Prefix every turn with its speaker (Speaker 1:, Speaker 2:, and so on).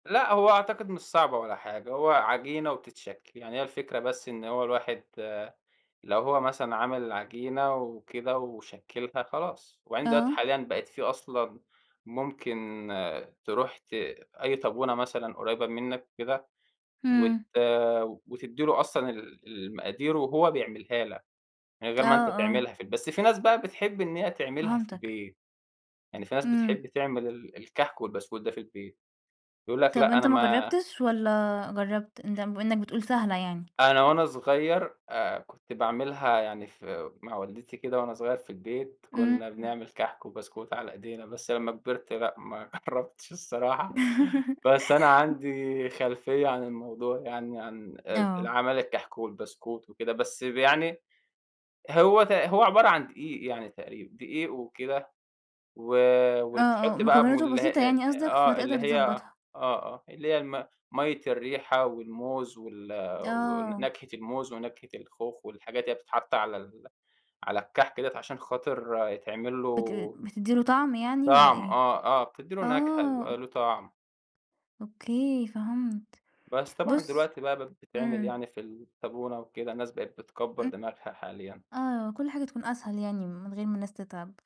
Speaker 1: لأ، هو أعتقد مش صعبة ولا حاجة، هو عجينة وبتتشكِّل. يعني هي الفكرة بس إن هو الواحد لو هو مثلًا عمل عجينة وكده وشكِّلها خلاص، وبعدين دلوقتي
Speaker 2: آه.
Speaker 1: حاليًا بقت في أصلًا ممكن تروح ت أي طابونة مثلًا قريّبة منّك وكده وت
Speaker 2: إمم.
Speaker 1: وتدّي له أصلًا ال المقادير وهو بيعملها لك من غير
Speaker 2: آه،
Speaker 1: ما أنت
Speaker 2: آه.
Speaker 1: تعملها في البي بس في ناس بقى بتحب إن هي تعملها في
Speaker 2: فهمتك.
Speaker 1: البيت. يعني في ناس
Speaker 2: إمم.
Speaker 1: بتحب تعمل ال الكَحك والبسكوت ده في البيت. بيقولوا لك
Speaker 2: طب
Speaker 1: لأ،
Speaker 2: أنت
Speaker 1: أنا
Speaker 2: ما
Speaker 1: ما
Speaker 2: جرّبتش والّا جرّبت، أنت بما إنّك بتقول سهلة يعني؟
Speaker 1: أنا وأنا صغير آآ كنت باعملها يعني في مع والدتي كده وأنا صغير في البيت، كُنّا
Speaker 2: إمم.
Speaker 1: بنعمل كَحك وبسكوت على إيدينا، بس لمّا كبرت، لأ ما جرّبتش الصراحة، بس أنا عندي خلفية عن الموضوع يعني عن آآ
Speaker 2: آه.
Speaker 1: العمايل الكَحك والبسكوت وكده، بس يعني هو ت هو عبارة عن دقيق يعني تقريبًا دقيق وكده و
Speaker 2: آه، آه.
Speaker 1: وتحُطِّ بقى
Speaker 2: مكوِّناته
Speaker 1: مل
Speaker 2: بسيطة
Speaker 1: أ أ
Speaker 2: يعني قصدك،
Speaker 1: آه. اللي
Speaker 2: فتقدر
Speaker 1: هي
Speaker 2: تضبّطها.
Speaker 1: آه، آه. اللي هي الم مَيّة الريحة والموز وال
Speaker 2: آه.
Speaker 1: ونكهة الموز ونكهة الخوخ والحاجات اللي هي بتحَط على ال على الكَحك ديّة عشان خاطر يتعمل
Speaker 2: بت
Speaker 1: له
Speaker 2: بتدي له طعم يعني والّا
Speaker 1: طعم
Speaker 2: إيه؟
Speaker 1: آه آه. بتدّي له نكهة،
Speaker 2: آه.
Speaker 1: بيبقى له طعم.
Speaker 2: أوكي فهمت.
Speaker 1: بس طبعًا
Speaker 2: بُصّ
Speaker 1: دلوقتي بقى بقت بتتعمل
Speaker 2: إمم.
Speaker 1: يعني في الطابونة وكده، الناس بقت بتكبَّر دماغها حاليًا.
Speaker 2: آه. كل حاجة تكون أسهل يعني من غير ما الناس تتعب.